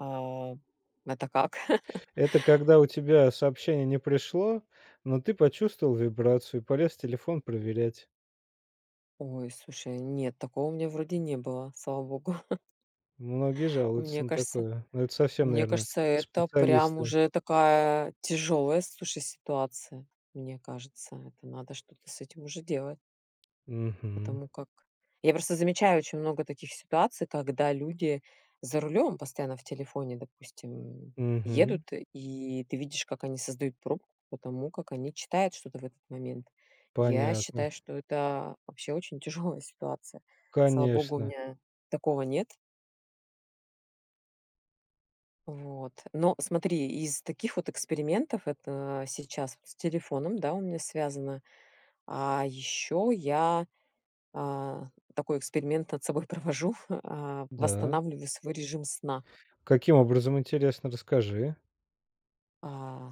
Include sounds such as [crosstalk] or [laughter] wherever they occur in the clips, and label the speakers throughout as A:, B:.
A: А. Это как? [laughs]
B: Это когда у тебя сообщение не пришло, но ты почувствовал вибрацию, полез телефон проверять.
A: Ой, слушай, нет, такого у меня вроде не было, слава богу. [chuckles]
B: Многие жалуются
A: Мне
B: на
A: кажется
B: такое. Но это совсем,
A: мне
B: наверное,
A: кажется, это прям
B: специалисты.
A: уже такая тяжёлая, слушай, ситуация. Мне кажется, это надо что-то с этим уже делать.
B: Мгм.
A: Потому как я просто замечаю очень много таких ситуаций, когда люди за рулем постоянно в телефоне, допустим, м, едут,
B: Мгм.
A: и ты видишь, как они создают пробку по тому, как они читают что-то в этот момент. Я
B: Понятно.
A: считаю, что это вообще очень тяжёлая ситуация. Слава богу, у
B: Конечно.
A: меня такого нет. Вот, но смотри, из таких вот экспериментов, это сейчас вот с телефоном, да, у меня связано, а ещё я, а, такой эксперимент над собой провожу, а,
B: Да.
A: восстанавливаю свой режим сна.
B: Каким образом, интересно, расскажи.
A: А.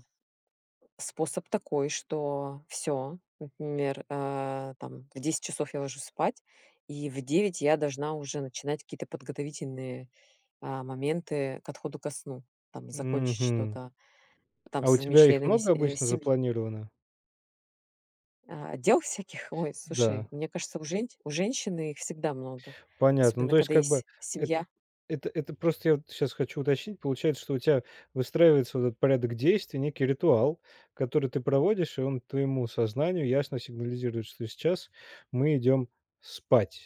A: Способ такой, что всё, например, э, там в 10 часов я ложусь спать, и в 9 я должна уже начинать какие-то подготовительные, а, моменты к отходу ко сну, там и закончить
B: Мгм.
A: что-то там
B: А
A: со
B: у
A: своими
B: тебя их
A: членами
B: много
A: се
B: обычно
A: семьи.
B: запланировано?
A: А. Дел всяких, ой,
B: Да.
A: слушай, мне кажется, у женщ у женщины их всегда много,
B: Понятно. Ну,
A: особенно
B: то есть,
A: когда
B: как бы
A: есть семья.
B: это это просто я вот сейчас хочу уточнить. Получается, что у тебя выстраивается вот этот порядок действий, некий ритуал, который ты проводишь, и он твоему сознанию ясно сигнализирует, что сейчас мы идем спать.